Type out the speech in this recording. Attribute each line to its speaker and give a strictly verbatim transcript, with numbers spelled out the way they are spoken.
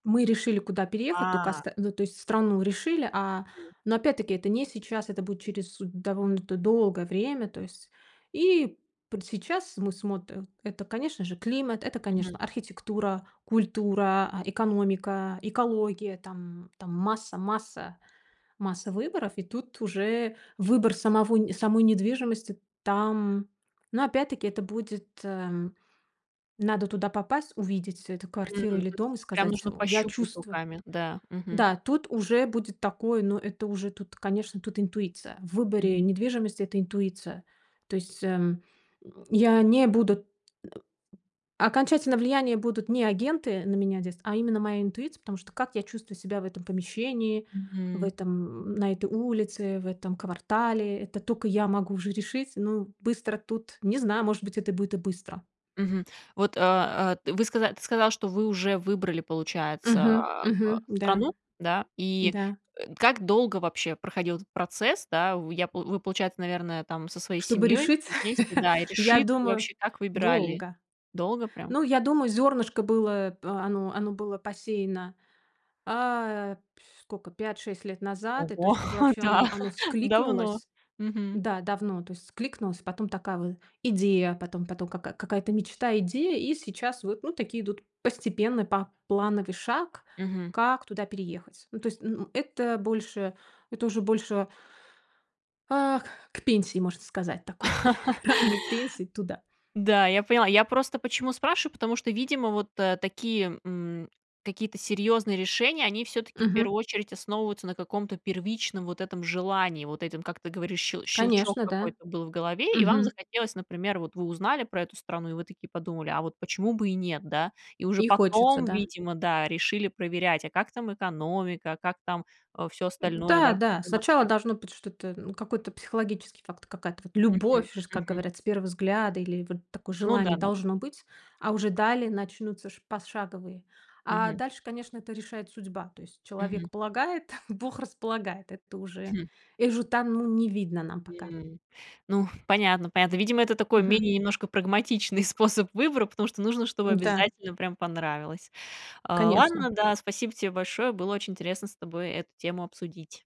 Speaker 1: Мы решили, куда переехать, тока
Speaker 2: А.
Speaker 1: оста ну, то есть страну решили, а
Speaker 2: М.
Speaker 1: но, опять-таки, это не сейчас, это будет через довольно д долгое время, то есть и п сейчас мы смотрим, это, конечно же, климат, это,
Speaker 2: Мгм.
Speaker 1: конечно, архитектура, культура, а, экономика, экология там, там масса масса масса выборов, и тут уже выбор самого нь самой недвижимости там но, опять-таки, это будет, эм. Надо туда попасть, увидеть эту
Speaker 2: М,
Speaker 1: квартиру или
Speaker 2: то есть
Speaker 1: дом и
Speaker 2: ей прям
Speaker 1: сказать:
Speaker 2: нужно
Speaker 1: "В я
Speaker 2: пощупать
Speaker 1: чувствую".
Speaker 2: руками. Да. Мгм.
Speaker 1: Да, тут уже будет такое, но это уже тут, конечно, тут интуиция. В выборе
Speaker 2: Мгм.
Speaker 1: недвижимости это интуиция. То есть, эм, м, я не буду, э, окончательно влияния будут не агенты на меня здесь, а именно моя интуиция, потому что как я чувствую себя в этом помещении, в
Speaker 2: Мгм.
Speaker 1: этом, м, на этой улице, в этом квартале, это тока я могу уже решить. Ну, быстро тут не знаю, может быть, это будет и быстро.
Speaker 2: Мгм. Вот, э, э, вы сказа ты сказала, что вы уже выбрали, получается,
Speaker 1: Мгм,
Speaker 2: а а
Speaker 1: мгм, да.
Speaker 2: страну, да, и,
Speaker 1: Да.
Speaker 2: э, как долго вообще проходил этот процесс, да? Вы, я п вы, получается, наверное, там со своей
Speaker 1: Чтобы
Speaker 2: семьёй
Speaker 1: решить,
Speaker 2: все вместе, да, и
Speaker 1: я
Speaker 2: решит и
Speaker 1: думаю,
Speaker 2: вообще, как выбирали,
Speaker 1: долго.
Speaker 2: долго прям?
Speaker 1: Ну, я думаю, зёрнышко было, э, оно оно было посеяно, а, пьфь скока пять шесть лет назад, и, то
Speaker 2: Ого,
Speaker 1: есть, чтобы вообще оно
Speaker 2: да,
Speaker 1: оно
Speaker 2: давно.
Speaker 1: вскликнулось.
Speaker 2: Мгм.
Speaker 1: Да, давно, то есть вскликнулось, потом- такая вот идея, потом потом- ка какая-то мечта, идея, и сейчас вот, ну, такие идут постепенно, поплановый шаг,
Speaker 2: Мгм.
Speaker 1: как туда переехать. Ну, то есть, н н это больше, это уже больше Ах, к пенсии, можно сказать, такой к ранней пенсии туда.
Speaker 2: Да, я поняла. Я просто почему спрашиваю? Потому что, видимо, вот, э, такие, м, какие-то серьёзные решения, они всё-таки в
Speaker 1: Мгм.
Speaker 2: первую очередь основываются на каком-то первичном вот этом желании. Вот этом, как ты говоришь, ще щелчок
Speaker 1: Конечно, да,
Speaker 2: какой-то был в голове, и вам
Speaker 1: мгм.
Speaker 2: захотелось, например, вот вы узнали про эту страну, и вы такие подумали: "А вот почему бы и нет?" Да? И уже
Speaker 1: И хочется,
Speaker 2: потом,
Speaker 1: да.
Speaker 2: видимо, да, решили проверять, а как там экономика, а как там, э, всё остальное, да,
Speaker 1: М-да,
Speaker 2: лу
Speaker 1: да,
Speaker 2: чем в
Speaker 1: сначала
Speaker 2: Москве.
Speaker 1: должно быть что-то, ну, какой-то психологический факт, какая-то вот
Speaker 2: Мгм,
Speaker 1: любовь, ж как
Speaker 2: мгм.
Speaker 1: говорят, с первого взгляда или вот такое
Speaker 2: Ну да
Speaker 1: желание
Speaker 2: да.
Speaker 1: должно быть, а уже далее начнутся ш пошаговые А
Speaker 2: Мгм.
Speaker 1: дальше, конечно, это решает судьба. То есть человек
Speaker 2: Мгм.
Speaker 1: полагает, Бог располагает. Это уже,
Speaker 2: Хм.
Speaker 1: э, уже там не видно нам пока.
Speaker 2: М, ну, понятно понятно. Видимо, это такой
Speaker 1: Мгм.
Speaker 2: менее немножко прагматичный способ выбора, потому что нужно, чтобы
Speaker 1: М-да.
Speaker 2: обязательно прям понравилось. Э, ладно,
Speaker 1: Конечно.
Speaker 2: да, спасибо тебе большое. Было очень интересно с тобой эту тему обсудить.